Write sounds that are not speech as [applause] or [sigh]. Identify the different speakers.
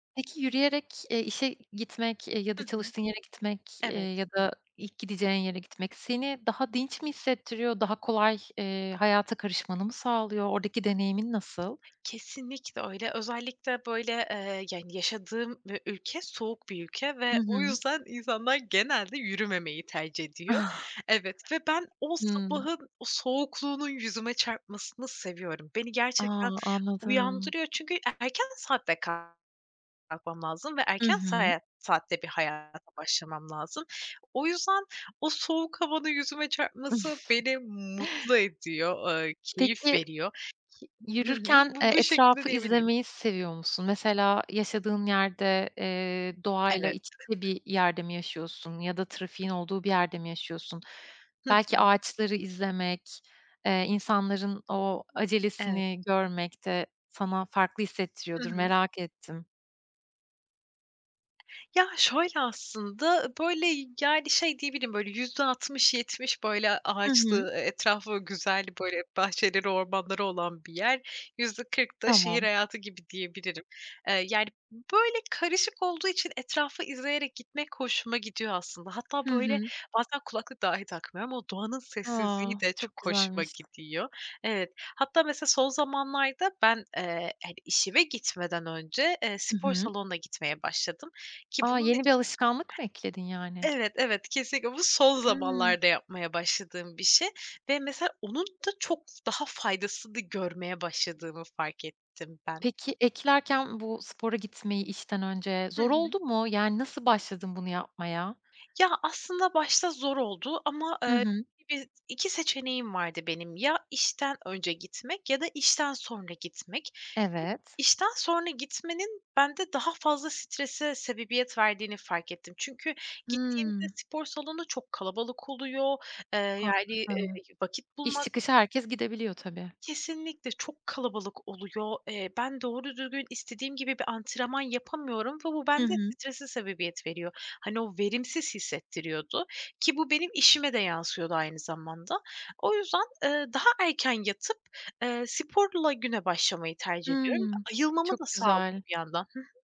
Speaker 1: Peki yürüyerek, eee, işe gitmek, eee, ya da
Speaker 2: Hı hı.
Speaker 1: çalıştığın yere gitmek, eee,
Speaker 2: Evet.
Speaker 1: ya da ilk gideceğin yere gitmek seni daha dinç mi hissettiriyor, daha kolay, eee, hayata karışmanı mı sağlıyor, oradaki deneyimin nasıl?
Speaker 2: Kesinlikle öyle. Özellikle böyle, eee, yani, yaşadığım ü ülke soğuk bir ülke
Speaker 1: Hı
Speaker 2: ve o
Speaker 1: hı.
Speaker 2: yüzden insanlar genelde yürümemeyi tercih ediyor.
Speaker 1: [chuckles]
Speaker 2: Evet ve ben o
Speaker 1: Hımm.
Speaker 2: sabahın o soğukluğunun yüzüme çarpmasını seviyorum. Beni gerçekten
Speaker 1: A! Anladım.
Speaker 2: uyandırıyor çünkü e erken saatte kalkmam lazım ve
Speaker 1: Hı
Speaker 2: erken
Speaker 1: hı.
Speaker 2: saat saatte bir hayata başlamam lazım. O yüzden o soğuk havanın yüzüme çarpması beni mutlu
Speaker 1: [chuckles]
Speaker 2: ediyor, eee, keyif
Speaker 1: Peki,
Speaker 2: veriyor. Y hı hı.
Speaker 1: yürürken, eee,
Speaker 2: Bu bu şekilde
Speaker 1: etrafı
Speaker 2: diyebilirim.
Speaker 1: izlemeyi seviyor musun? Mesela yaşadığın yerde, eee, doğayla
Speaker 2: Evet.
Speaker 1: iç içe bir yerde mi yaşıyorsun ya da trafiğin olduğu bir yerde mi yaşıyorsun?
Speaker 2: Hı
Speaker 1: Belki
Speaker 2: hı.
Speaker 1: ağaçları izlemek, eee, insanların o
Speaker 2: Evet.
Speaker 1: acelesini görmek de sana farklı
Speaker 2: Hı
Speaker 1: hissettiriyordur,
Speaker 2: hı.
Speaker 1: merak ettim.
Speaker 2: Ya, şöyle aslında, böyle, yani, şey diyebilirim böyle %60-70 böyle
Speaker 1: Hı hı.
Speaker 2: ağaçlı, e etrafı güzel böyle bahçeleri, ormanları olan bir yer. %40 da şehir
Speaker 1: Tamam.
Speaker 2: hayatı gibi diyebilirim, eee, yani, böyle karışık olduğu için etrafı izleyerek gitmek hoşuma gidiyor aslında. Hatta
Speaker 1: Hı
Speaker 2: böyle
Speaker 1: hı.
Speaker 2: bazen kulaklık dahi takmıyorum ama doğanın sessizliği
Speaker 1: A!
Speaker 2: de çok
Speaker 1: Çok
Speaker 2: hoşuma
Speaker 1: güzelmiş.
Speaker 2: gidiyor. Evet, hatta mesela son zamanlarda ben, eee, hani, işime gitmeden önce, eee,
Speaker 1: Hı
Speaker 2: spor
Speaker 1: hı.
Speaker 2: salonuna gitmeye başladım ki
Speaker 1: A!
Speaker 2: bunun.
Speaker 1: Yeni bir
Speaker 2: [unintelligible]
Speaker 1: alışkanlık mı ekledin yani?
Speaker 2: Evet, evet, kesinlikle bu son
Speaker 1: Hımm.
Speaker 2: zamanlarda yapmaya başladığım bir şey ve, mesela, onun da çok daha faydasını görmeye başladığımı fark ettim ben.
Speaker 1: Peki eklerken bu spora gitmeyi işten önce
Speaker 2: Hı
Speaker 1: zor
Speaker 2: hı.
Speaker 1: oldu mu yani nasıl başladın bunu yapmaya?
Speaker 2: Ya aslında başta zor oldu ama,
Speaker 1: Hı
Speaker 2: eee,
Speaker 1: hı.
Speaker 2: [unintelligible] 2 seçeneğim vardı benim ya işten önce gitmek ya da işten sonra gitmek. Ki
Speaker 1: Evet.
Speaker 2: işten sonra gitmenin bende daha fazla strese sebebiyet verdiğini fark ettim. Çünkü gittiğimde
Speaker 1: Hımm.
Speaker 2: spor salonu çok kalabalık oluyor, eee, yani, eee,
Speaker 1: Haklısın.
Speaker 2: vakit
Speaker 1: İş
Speaker 2: bulmak
Speaker 1: çıkışı herkes gidebiliyor tabii.
Speaker 2: Kesinlikle çok kalabalık oluyor. Eee, ben doğru düzgün istediğim gibi bir antrenman yapamıyorum ve bu
Speaker 1: Hı
Speaker 2: bende
Speaker 1: hı.
Speaker 2: strese sebebiyet veriyor. Hani, o verimsiz hissettiriyordu ki bu benim işime de yansıyordu aynı zamanda. O yüzden, eee, daha erken yatıp, eee, sporla güne başlamayı tercih ediyorum.
Speaker 1: Hımm,
Speaker 2: Ayılmamı da
Speaker 1: çok
Speaker 2: sağlıyor
Speaker 1: güzel.
Speaker 2: bir yandan. Hı hı.